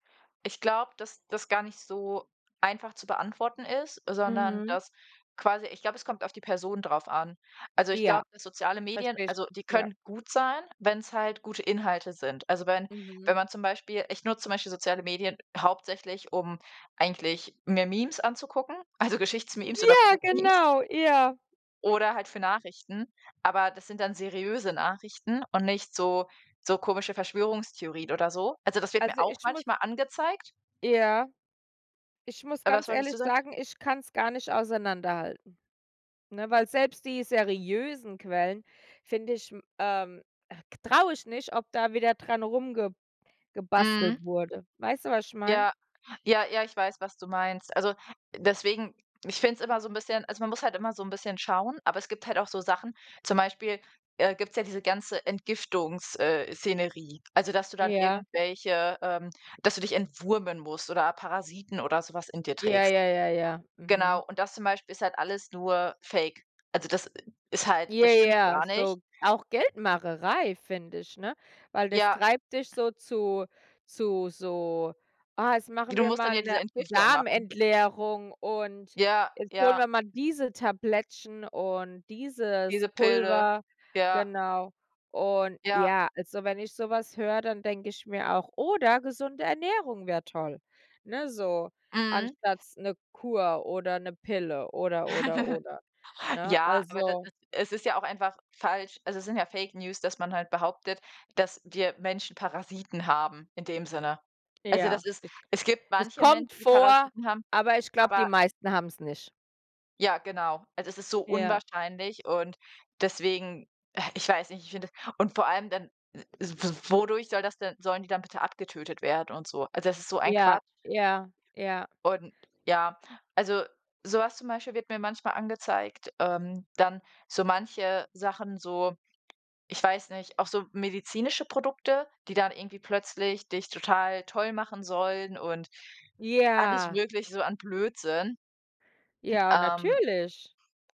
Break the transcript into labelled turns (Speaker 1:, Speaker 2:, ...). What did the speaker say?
Speaker 1: Ich glaube, dass das gar nicht so einfach zu beantworten ist, sondern,
Speaker 2: Mhm.
Speaker 1: dass quasi ich glaube, es kommt auf die Person darauf an. Also ich glaube,
Speaker 2: Ja,
Speaker 1: dass soziale Medien
Speaker 2: verstehe ich,
Speaker 1: also die
Speaker 2: ja.
Speaker 1: können gut sein, wenn's halt gute Inhalte sind. Also wenn
Speaker 2: Mhm.
Speaker 1: wenn man zum Beispiel ich nutze zum Beispiel soziale Medien hauptsächlich, um eigentlich mir Memes anzugucken, also Geschichts-Memes oder
Speaker 2: Ja,
Speaker 1: Physik-Memes.
Speaker 2: genau, ja.
Speaker 1: Oder halt für Nachrichten, aber das sind dann seriöse Nachrichten und nicht so so komische Verschwörungstheorien oder so. Also, das wird mir
Speaker 2: Also
Speaker 1: auch
Speaker 2: ich muss
Speaker 1: manchmal angezeigt.
Speaker 2: Ja, ich muss
Speaker 1: Äh, was
Speaker 2: ganz
Speaker 1: wolltest
Speaker 2: ehrlich
Speaker 1: du sagen?
Speaker 2: sagen, ich kann's gar nicht auseinanderhalten, ne? Weil selbst die seriösen Quellen finde ich, m ähm, äh, traue ich nicht, ob da wieder dran rumge
Speaker 1: Mhm.
Speaker 2: gebastelt wurde. Weißt du, was ich meine?
Speaker 1: Ja, ja, ja, ich weiß, was du meinst. Also deswegen ich finde es immer so 'n bisschen also man muss halt immer so 'n bisschen schauen, aber es gibt halt auch so Sachen zum Beispiel, äh, gibt's ja diese ganze Entgiftungs äh, Szenerie, also dass du dann
Speaker 2: Ja.
Speaker 1: irgendwelche, ähm dass du dich entwurmen musst oder Parasiten oder so was in dir
Speaker 2: Ja,
Speaker 1: trägst.
Speaker 2: ja, ja, ja. Mhm.
Speaker 1: Genau, und das zum Beispiel ist halt alles nur Fake. Also das i ist halt
Speaker 2: Ja,
Speaker 1: das stimmt
Speaker 2: ja,
Speaker 1: gar nicht.
Speaker 2: so auch Geldmacherei, finde ich, ne? Weil das
Speaker 1: Ja.
Speaker 2: treibt dich so zu- zu so: „Ah, jetzt machen
Speaker 1: Du
Speaker 2: wir
Speaker 1: musst dann
Speaker 2: mal
Speaker 1: ja diese
Speaker 2: 'ne
Speaker 1: Entgiftung machen.
Speaker 2: Darm-Entleerung und
Speaker 1: Ja,
Speaker 2: jetzt holen
Speaker 1: ja.
Speaker 2: wir mal diese Tablettchen und dieses
Speaker 1: Diese Pille,
Speaker 2: Pulver“,
Speaker 1: ja.
Speaker 2: genau. Und
Speaker 1: Ja.
Speaker 2: ja, also wenn ich so was höre, dann denke ich mir auch oder gesunde Ernährung wäre toll, ne, so,
Speaker 1: Mhm.
Speaker 2: anstatt s 'ne Kur oder 'ne Pille oder, oder, oder, ne?
Speaker 1: Ja, aber da
Speaker 2: Also
Speaker 1: da es ist ja auch einfach falsch. Also es sind ja Fake News, dass man halt behauptet, dass dir Menschen Parasiten haben in dem Sinne. Also,
Speaker 2: Ja,
Speaker 1: das ist
Speaker 2: ich
Speaker 1: es gibt
Speaker 2: es
Speaker 1: manche Menschen,
Speaker 2: kommt
Speaker 1: die
Speaker 2: vor,
Speaker 1: Parasiten haben,
Speaker 2: aber ich glaube, die
Speaker 1: aber
Speaker 2: meisten haben's nicht.
Speaker 1: Ja, genau. Also es ist so
Speaker 2: Ja.
Speaker 1: unwahrscheinlich und deswegen, äh, ich weiß nicht ich finde das und vor allem dann, w w wodurch soll das denn sollen die dann bitte abgetötet werden und so? Also, das ist so ein
Speaker 2: Ja,
Speaker 1: Quatsch.
Speaker 2: ja, ja.
Speaker 1: Und ja, also so was zum Beispiel wird mir manchmal angezeigt. Ähm, dann so manche Sachen so- ich weiß nicht- auch so medizinische Produkte, die dann irgendwie plötzlich dich total toll machen sollen und alles
Speaker 2: Ja.
Speaker 1: Mögliche so an Blödsinn.
Speaker 2: Ja,
Speaker 1: Ähm
Speaker 2: natürlich.